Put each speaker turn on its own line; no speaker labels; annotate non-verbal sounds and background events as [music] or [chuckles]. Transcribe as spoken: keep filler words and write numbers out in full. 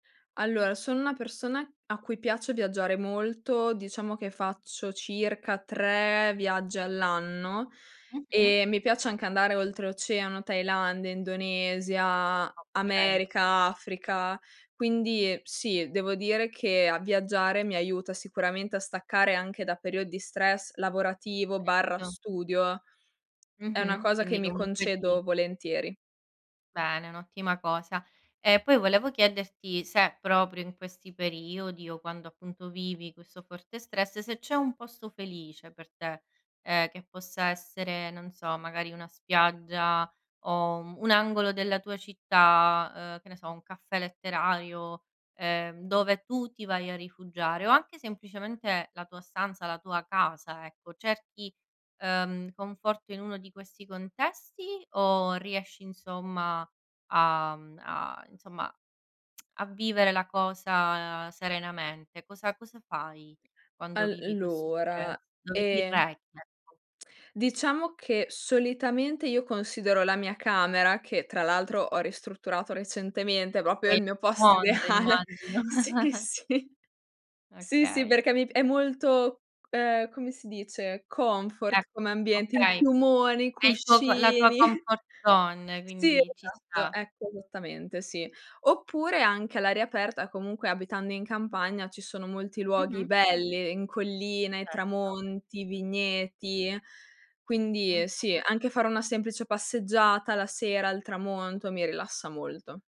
Allora sono una persona a cui piace viaggiare molto. Diciamo che faccio circa tre viaggi all'anno
Mh-mh.
e mi piace anche andare oltreoceano, Thailandia, Indonesia,
Okay.
America, Africa. Quindi, ehm, sì, devo dire che a viaggiare mi aiuta sicuramente a staccare anche da periodi stress lavorativo barra
Certo.
studio. È una
Mh-mh.
cosa che
Quindi
mi
comunque ti
concedo volentieri.
Bene, è un'ottima cosa. E poi volevo chiederti se proprio in questi periodi o quando appunto vivi questo forte stress, se c'è un posto felice per te, ehm, che possa essere, non so, magari una spiaggia o, uhm, un angolo della tua città, uhm, che ne so, un caffè letterario, ehm, dove tu ti vai a rifugiare, o anche semplicemente la tua stanza, la tua casa, ecco. Cerchi, uhm, conforto in uno di questi contesti o riesci, insomma, a mhmm, a insomma [smacks lips] a vivere la cosa serenamente? Cosa cosa fai quando
al
vivi questo stress?
lora,
Dove ti
ehm
rechi? Ecco.
diciamo che solitamente io considero la mia camera, che tra l'altro ho ristrutturato recentemente, propio
È
il
il
mio posto
mondo
ideale.
immagino
Sì,
[chuckles]
sì. Sì, sì
Okay.
perché mi pi è molto, ehm, come si dice,
È
confort come ambiente, il
okay.
piumone, i
È il tuo co la tua
cuscini
confort zone,
Sì,
quindi ci
esatto,
sta.
ecco, esattamente, sì. Oppure anche all'aria aperta, comunque abitando in campagna ci sono molti luoghi
Mh-mh.
belli in colline,
Certo.
tramonti, vigneti. Quindi, ehm,
Mh-mh.
sì, anche fare una semplice passeggiata la sera al tramonto, mi rilassa molto.